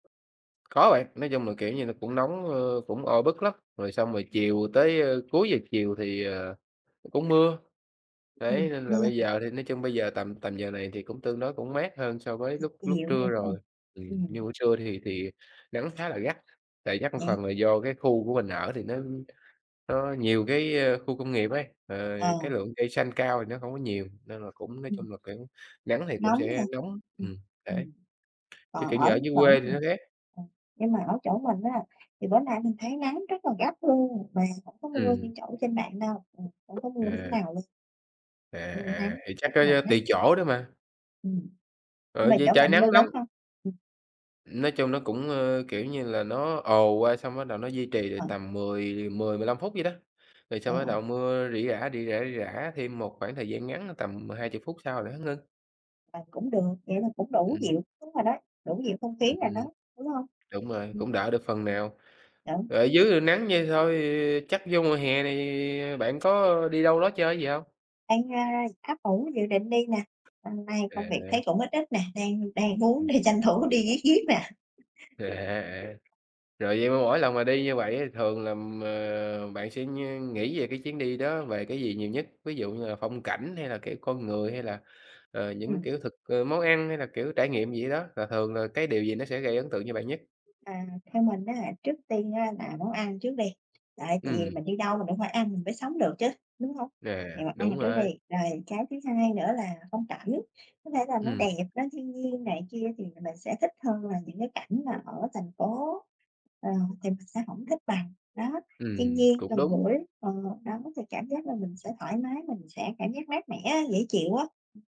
Có bạn, nói chung là, kiểu như là, nó cũng nóng, ơ, cũng oi bức lắm, rồi xong rồi Ừm. chiều tới, ơ cuối giờ chiều thì, ờ, cũng mưa. Đấy, Ừm, nên là mưa. bây giờ thì nói chung bây giờ tầm tầm giờ này thì cũng tương đối cũng mát hơn so với lúc lúc Dịu rồi, trưa phải không? rồi, ừm, như Ừm. buổi trưa thì thì nắng khá là gắt, tại gắt một Vậy? phần là do cái khu của mình ở thì nó nó nhiều cái, ơ, khu công nghiệp ấy, ờ, Ờ. cái lượng cây xanh cao thì nó không có nhiều nên là cũng nói Ừm. chung là kiểu nắng thì cũng Nóng sẽ hả? nóng ừm, đấy. Ừm, Chứ còn kiểu như ở ở dưới chỗ quê thì nó mình khác. nhưng mà ở chỗ mình á thì bữa nay mình thấy nắng rất là gắt luôn, mà hổng có mưa Ừm. như chỗ trên bạn đâu, hổng có mưa miếng À. nào luôn. À, Ừm, à, nắng thì chắc rất có là gắt. tùy chỗ đó mà. Ừm, nhưng Ừ, mà vì chỗ trời bạn mưa nắng nóng lớn hông? Ừm. Nói chung nó cũng, ơ, kiểu như là, nó ồ qua xong bắt đầu nó duy trì được Ờ. tầm mười mười, 15 phút vậy đó, rồi Ờ. xong bắt đầu mưa rỉ rả, rỉ rả, rỉ rả thêm một khoảng thời gian ngắn, a, tầm 20 phút sau là nó ngưng. À, cũng được, vậy là cũng đủ Ừm. dịu đúng rồi đó, đủ dịu không Ừm khí rồi đó, hưm. đúng hông? Đúng rồi, Ưm. cũng đỡ được phần nào. Đúng. Ở dưới nắng vậy thôi chắc vô mùa hè này bạn có đi đâu đó chơi gì hông? Đang, a, ấp ủ dự định đi nè, hôm nay công việc À. thấy cũng ít ít nè, đang đang muốn Ừm. đi tranh thủ đi riết riêt nè. À, à, rồi vậy mà mỗi lần mà đi như vậy á thì thường là, ờ, bạn sẽ ngh nghĩ về cái chuyến đi đó, về cái gì nhiều nhất? Ví dụ như là phong cảnh hay là cái con người, hay là, ờ, những Ừm. kiểu thực, ơ món ăn hay là kiểu trải nghiệm gì ở đó? Và thường là cái điều gì nó sẽ gây ấn tượng cho bạn nhất? À, theo mình ám trước tiên á là món ăn trước đi, tại tại vì Ừm. mình đi đâu mình cũng phải ăn mình mới sống được chứ, đúng hông? À, Vậy là ăn đúng trước rồi. đi, rồi cái thứ hai nữa là phong cảnh, có thể là nó Ừm. đẹp, nó thiên nhiên này kia thì mình sẽ thích hơn là những cái cảnh mà ở thành phố, ờ, thì mình sẽ hổng thích bằng, đó. Thiên Ừm, nhiên cũng gần đúng. gũi ờ, đó, thì cảm giác là mình sẽ thoải mái, mình sẽ cảm giác mát mẻ á, dễ chịu á. Ừm.